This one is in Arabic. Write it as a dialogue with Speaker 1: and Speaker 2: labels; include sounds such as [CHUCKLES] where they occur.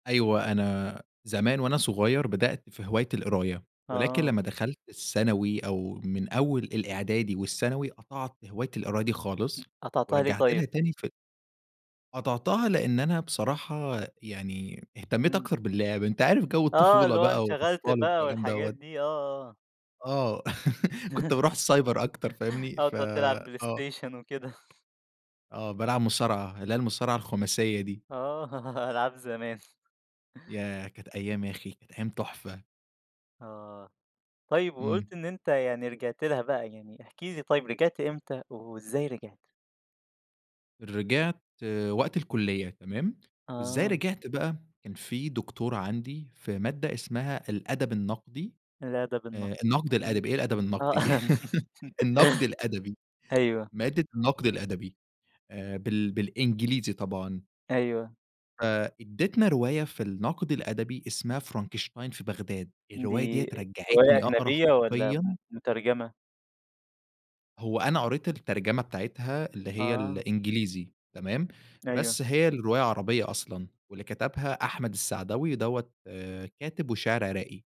Speaker 1: أيوة، أنا زمان وأنا صغيّر بدأت في هواية القراية، ولكن
Speaker 2: آه.
Speaker 1: لمّا دخلت الثانوي أو من أول الإعدادي والثانوي، قطعت هواية القراية دي خالص،
Speaker 2: قطعتها ليه
Speaker 1: ورجعت لها
Speaker 2: طيب؟
Speaker 1: تاني ف قطعتها لإن أنا بصراحة يعني اهتمّيت
Speaker 2: إمم.
Speaker 1: أكتر باللعب. أنت عارف جَو
Speaker 2: آه.
Speaker 1: الطفولة
Speaker 2: اللي هو
Speaker 1: بقى والأطفال
Speaker 2: انشغلت بقى
Speaker 1: والكلام
Speaker 2: والحاجات
Speaker 1: دوّة.
Speaker 2: دي. آه، آه.
Speaker 1: آه. [CHUCKLES] كنت باروح
Speaker 2: [CHUCKLES]
Speaker 1: السايبر أكتر فاهمني؟
Speaker 2: آه.
Speaker 1: ف
Speaker 2: تقعد تلعب
Speaker 1: آه.
Speaker 2: بلايستيشن وكده. [CHUCKLES]
Speaker 1: آه. بالعب مصارعة، اللي هي المصارعة الخُماسية دي.
Speaker 2: آه، العاب زمان.
Speaker 1: ياه! كانت أيام يا أخي، كانت أيام تُحفة.
Speaker 2: آه. طيب
Speaker 1: إمم.
Speaker 2: وقُلت إن أنت يعني رجعت لها بقى، يعني احكِ لي طيب رجعت إمتى، وإزاي رجعت؟
Speaker 1: رجعت وقت الكُلّية تمام، وإزاي
Speaker 2: آه.
Speaker 1: رجعت بقى؟ كان في دكتورة عندي في مادة اسمها الأدب النقدي،
Speaker 2: الأدب
Speaker 1: آآ
Speaker 2: النقدي.
Speaker 1: النقد
Speaker 2: إمم.
Speaker 1: الأدبي، إيه الأدب
Speaker 2: آه.
Speaker 1: النقدي دي؟! [CHUCKLES] النقد الأدبي،
Speaker 2: [LAUGHS] أيوه.
Speaker 1: مادة النقد الأدبي آآ بال بالإنجليزي طبعًا.
Speaker 2: أيوه.
Speaker 1: فإدّتنا رواية في النقد الأدبي اسمها فرانكشتاين في بغداد، الرواية دي
Speaker 2: دي رواية
Speaker 1: رجّعتني أقرا
Speaker 2: أجنبية والّا م
Speaker 1: حرفيًا
Speaker 2: مترجمة؟
Speaker 1: هو أنا قريت الترجمة بتاعتها اللي هي
Speaker 2: آه.
Speaker 1: الإنجليزي تمام،
Speaker 2: أيوه.
Speaker 1: بس هي الرواية عربية أصلًا واللي كتبها أحمد السعداوي، دوّة كاتب وشاعر عراقي.